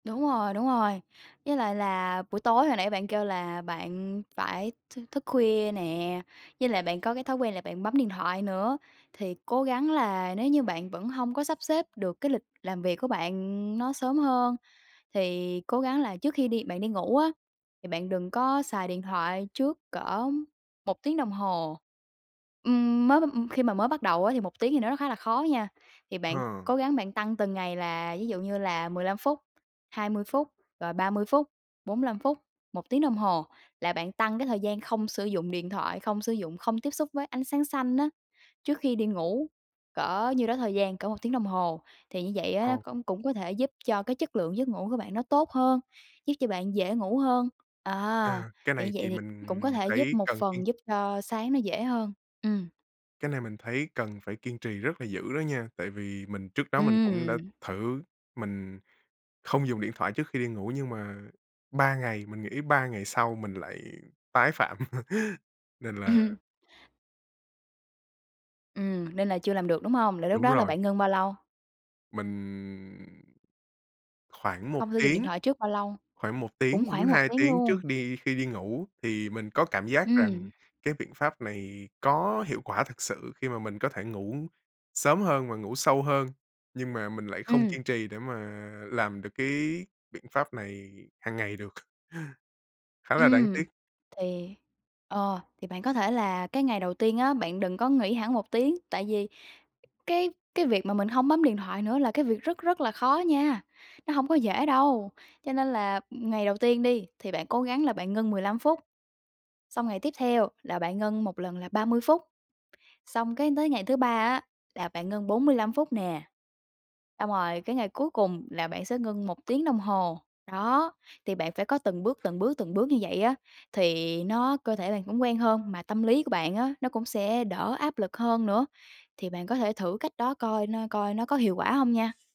Đúng rồi, đúng rồi. Với lại là buổi tối hồi nãy bạn kêu là bạn phải thư thức khuya nè, với lại bạn có cái thói quen là bạn bấm điện thoại nữa, thì cố gắng là nếu như bạn vẫn hông có sắp xếp được cái lịch làm việc của bạn nó sớm hơn, thì cố gắng là trước khi đi bạn đi ngủ á, thì bạn đừng có xài điện thoại trước cỡ 1 tiếng đồng hồ. Ừm, mới m khi mà mới bắt đầu á, thì 1 tiếng thì nó khá là khó nha, thì bạn Hờ. cố gắng bạn tăng từng ngày, là ví dụ như là: 15 phút, 20 phút, rồi 30 phút, 45 phút, 1 tiếng đồng hồ. Là bạn tăng cái thời gian không sử dụng điện thoại, không sử dụng, không tiếp xúc với ánh sáng xanh á, trước khi đi ngủ cỡ nhiêu đó thời gian, cỡ 1 tiếng đồng hồ. Thì như vậy á, nó Ờ. công cũng có thể giúp cho cái chất lượng giấc ngủ của bạn nó tốt hơn, giúp cho bạn dễ ngủ hơn. À, À, cái thì như này vậy thì thì mình cũng có thể giúp thấy một cần kiên phần giúp cho sáng nó dễ hơn. Ừm. Cái này mình thấy cần phải kiên trì rất là dữ đó nha, tại vì mình trước đó mình cũng đã Ừm. thử mình không dùng điện thoại trước khi đi ngủ, nhưng mà 3 ngày mình nghĩ 3 ngày sau mình lại tái phạm. Nên là Ừm. Ừm, nên là chưa làm được, đúng hông? Là lúc Đúng đó là rồi. bạn ngưng bao lâu? Mình khoảng 1 Không sử dụng điện tiếng thoại trước bao lâu? khoảng 1 Cũng tiếng đến khoảng 1 2 tiếng tiếng luôn. trước đi khi đi ngủ, thì mình có cảm giác rằng Ừm. cái biện pháp này có hiệu quả thực sự khi mà mình có thể ngủ sớm hơn và ngủ sâu hơn, nhưng mà mình lại không Ừm. kiên trì để mà làm được cái biện pháp này hàng ngày được. Khá là đáng Ừm, tiếc! thì ờ, thì bạn có thể là cái ngày đầu tiên á, bạn đừng có nghỉ hẳn 1 tiếng. Tại vì cái cái việc mà mình hông bấm điện thoại nữa là cái việc rất rất là khó nha, nó hông có dễ đâu. Cho nên là ngày đầu tiên đi, thì bạn cố gắng là bạn ngưng 15 phút; xong ngày tiếp theo là bạn ngưng 1 lần là 30 phút; xong cái tới ngày thứ 3 á là bạn ngưng 45 phút nè; xong rồi cái ngày cuối cùng là bạn sẽ ngưng 1 tiếng đồng hồ. Đó, thì bạn phải có từng bước, từng bước, từng bước như vậy á, thì nó cơ thể bạn cũng quen hơn, mà tâm lý của bạn á, nó cũng sẽ đỡ áp lực hơn nữa. Thì bạn có thể thử cách đó coi nó coi nó có hiệu quả không nha.